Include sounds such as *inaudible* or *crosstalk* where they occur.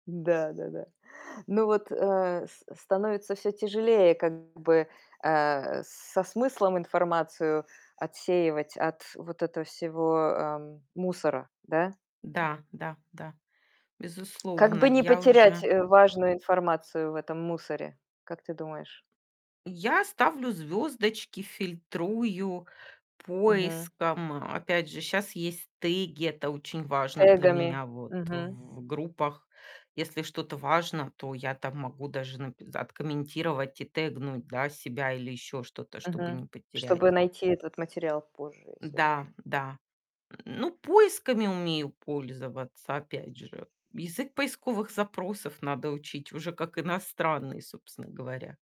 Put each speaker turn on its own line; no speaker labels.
Да-да-да. Но вот, э, с становится всё тяжелее как бы, э, со смыслом информацию отсеивать от вот этого всего, эм, мусора, да?
Да, да, да,
Как
безусловно,
бы не
я
потерять,
уже
э, важную информацию в этом мусоре, как ты думаешь?
Я ставлю звёздочки, фильтрую
Мгм.
поиском. Опять же, щас есть теги, это очень важно для
Тегами.
меня вот
Мгм.
в группах. Если что-то важно, то я там могу даже нап откомментировать и тегнуть, да, себя или ещё что-то, чтобы
Мгм.
не потерять.
Чтобы найти этот материал позже, если
Да,
нужно.
да. *grunts* Ну, поисками умею пользоваться, опять же, язык поисковых запросов надо учить уже как иностранный, собственно говоря.